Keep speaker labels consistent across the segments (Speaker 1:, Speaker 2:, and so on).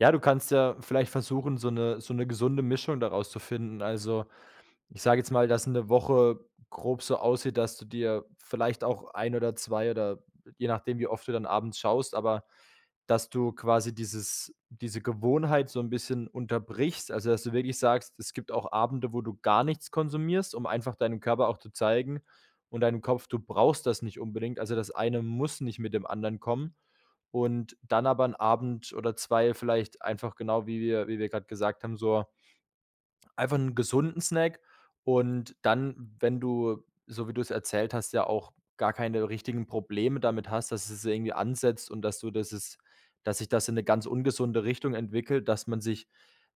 Speaker 1: Ja, du kannst ja vielleicht versuchen, so 'ne so 'ne gesunde Mischung daraus zu finden. Also, ich sage jetzt mal, dass 'ne Woche grob so aussieht, dass du dir vielleicht auch ein oder 2 oder je nachdem, wie oft du dann abends schaust aber dass du quasi dieses diese Gewohnheit so 'n bisschen unterbrichst, also dass du wirklich sagst, es gibt auch Abende, wo du gar nichts konsumierst, um einfach deinem Körper auch zu zeigen und deinem Kopf: Du brauchst das nicht unbedingt. Also das eine muss nicht mit dem anderen kommen. Und dann aber 'n Abend oder 2 vielleicht einfach genau wie wir wie wir grade gesagt haben, so einfach 'n gesunden Snack. Und dann, wenn du, so wie du es erzählt hast, ja auch gar keine richtigen Probleme damit hast, dass es irgendwie ansetzt und dass du das es dass sich das in 'ne ganz ungesunde Richtung entwickelt, dass man sich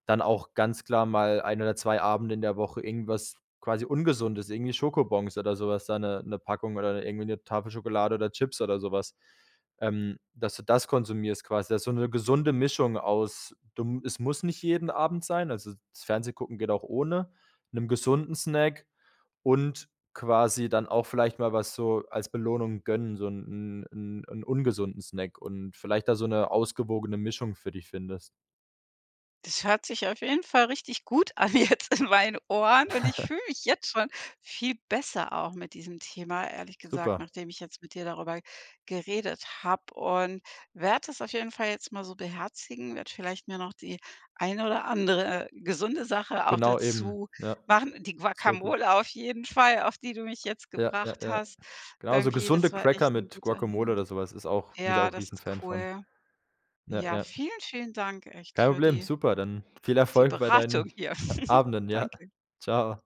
Speaker 1: dann auch ganz klar mal ein oder 2 Abende in der Woche irgendwas, quasi, Ungesundes, irgendwie Schokobons oder sowas, da 'ne 'ne Packung oder irgendwie 'ne Tafel Schokolade oder Chips oder sowas ähm, dass du das konsumierst quasi. Das so 'ne gesunde Mischung aus, du es muss nicht jeden Abend sein, also das Fernsehgucken geht auch ohne 'nem gesunden Snack und quasi dann auch vielleicht mal was so als Belohnung gönnen, so 'n 'n 'n ungesunden Snack und vielleicht da so 'ne ausgewogene Mischung für dich findest.
Speaker 2: Das hört sich auf jeden Fall richtig gut an jetzt in meinen Ohren, und ich fühle mich jetzt schon viel besser auch mit diesem Thema, ehrlich gesagt,
Speaker 1: Super.
Speaker 2: nachdem ich jetzt mit dir darüber geredet habe und werde das auf jeden Fall jetzt mal so beherzigen, werde vielleicht mir noch die eine oder andere, äh, gesunde Sache auch
Speaker 1: Genau eben,
Speaker 2: dazu
Speaker 1: ja,
Speaker 2: machen. Die
Speaker 1: sehr gut.
Speaker 2: Guacamole auf jeden Fall, auf die du mich jetzt
Speaker 1: Ja, ja,
Speaker 2: gebracht
Speaker 1: ja.
Speaker 2: hast
Speaker 1: Genau, so
Speaker 2: irgendwie.
Speaker 1: gesunde
Speaker 2: Das war
Speaker 1: Cracker
Speaker 2: echt 'n
Speaker 1: mit
Speaker 2: guter
Speaker 1: Guacomole
Speaker 2: Hint.
Speaker 1: oder so was ist auch bin ich
Speaker 2: Ja,
Speaker 1: auch
Speaker 2: das ist
Speaker 1: Riesenfan von.
Speaker 2: cool.
Speaker 1: Ja,
Speaker 2: Ja,
Speaker 1: ja.
Speaker 2: vielen, vielen Dank echt
Speaker 1: Kein
Speaker 2: für
Speaker 1: Problem,
Speaker 2: die
Speaker 1: super, dann viel
Speaker 2: die
Speaker 1: Erfolg bei
Speaker 2: Beratung
Speaker 1: deinen,
Speaker 2: hier.
Speaker 1: äh, Abenden, ja.
Speaker 2: Danke.
Speaker 1: Tschau.